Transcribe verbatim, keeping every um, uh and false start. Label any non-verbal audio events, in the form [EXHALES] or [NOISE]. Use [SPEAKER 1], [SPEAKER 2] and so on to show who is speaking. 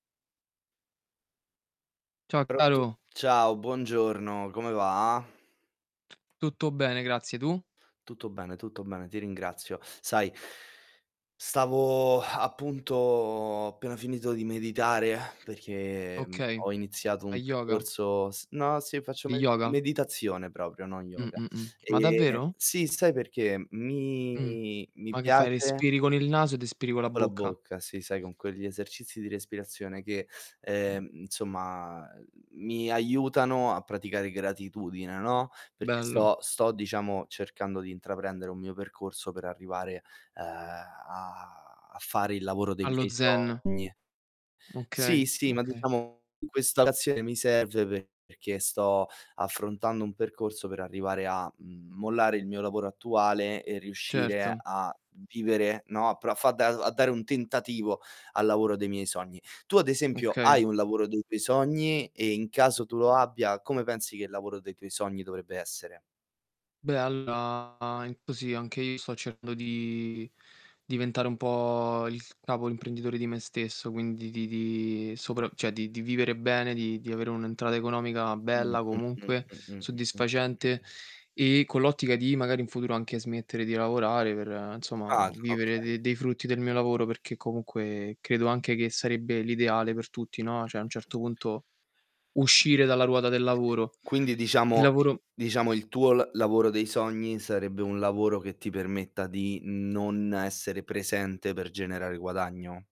[SPEAKER 1] Ciao
[SPEAKER 2] Pronto?
[SPEAKER 1] caro.
[SPEAKER 2] Ciao, buongiorno, come va?
[SPEAKER 1] Tutto bene, grazie, tu?
[SPEAKER 2] Tutto bene, tutto bene, ti ringrazio. Sai stavo [EXHALES] appunto ho appena finito di meditare [EXHALES] perché, mhmm,
[SPEAKER 1] Okay.
[SPEAKER 2] ho iniziato un
[SPEAKER 1] Hai yoga?
[SPEAKER 2] percorso s no, sì, faccio
[SPEAKER 1] Di
[SPEAKER 2] med
[SPEAKER 1] yoga?
[SPEAKER 2] meditazione proprio, non
[SPEAKER 1] Mh,
[SPEAKER 2] yoga.
[SPEAKER 1] mh, mh. Ma
[SPEAKER 2] Ehm
[SPEAKER 1] davvero?
[SPEAKER 2] sì, sai perché? Mi
[SPEAKER 1] Mh.
[SPEAKER 2] mi
[SPEAKER 1] Ma che fai,
[SPEAKER 2] piace
[SPEAKER 1] respiri con il naso ed espiri con la
[SPEAKER 2] Co' la
[SPEAKER 1] bocca?
[SPEAKER 2] bocca, sì, sai, con quegli esercizi di respirazione che, ehm, insomma, uhm, mi aiutano a praticare gratitudine, no, perché
[SPEAKER 1] Bello.
[SPEAKER 2] sto sto, diciamo, cercando di intraprendere un mio percorso per arrivare, ehm, a a fare il lavoro dei
[SPEAKER 1] Allo
[SPEAKER 2] miei
[SPEAKER 1] zen.
[SPEAKER 2] sogni.
[SPEAKER 1] Okay,
[SPEAKER 2] Sì, sì, ma
[SPEAKER 1] okay.
[SPEAKER 2] diciamo questa [UNINTELLIGIBLE] mi serve perché sto affrontando un percorso per arrivare a, mhmm, mollare il mio lavoro attuale e riuscire
[SPEAKER 1] Certo.
[SPEAKER 2] a vivere, no, a pro a fa da uhm, a dare un tentativo al lavoro dei miei sogni. Tu ad esempio
[SPEAKER 1] Okay.
[SPEAKER 2] hai un lavoro dei tuoi sogni? E, in caso tu lo abbia, come pensi che il lavoro dei tuoi sogni dovrebbe essere?
[SPEAKER 1] Beh, allora, in così anche io sto cercando di diventare un po' il capo, l'imprenditore di me stesso, quindi di di soprav ceh, di di vivere bene, di di avere un'entrata economica
[SPEAKER 2] Mh,
[SPEAKER 1] bella
[SPEAKER 2] mh-mh,
[SPEAKER 1] comunque,
[SPEAKER 2] mh-mh, mh-mh,
[SPEAKER 1] soddisfacente,
[SPEAKER 2] mh-mh.
[SPEAKER 1] e con l'ottica di magari in futuro anche smettere di lavorare per, insomma,
[SPEAKER 2] [UNINTELLIGIBLE]
[SPEAKER 1] vivere
[SPEAKER 2] Okay.
[SPEAKER 1] de dei frutti del mio lavoro, perché comunque credo anche che sarebbe l'ideale per tutti, no, cioè a un
[SPEAKER 2] Mh-mh.
[SPEAKER 1] certo punto uscire dalla ruota del lavoro.
[SPEAKER 2] Quindi,
[SPEAKER 1] Il
[SPEAKER 2] diciamo
[SPEAKER 1] lavoro
[SPEAKER 2] diciamo, il tuo l lavoro dei sogni sarebbe un lavoro che ti permetta di non essere presente per generare guadagno.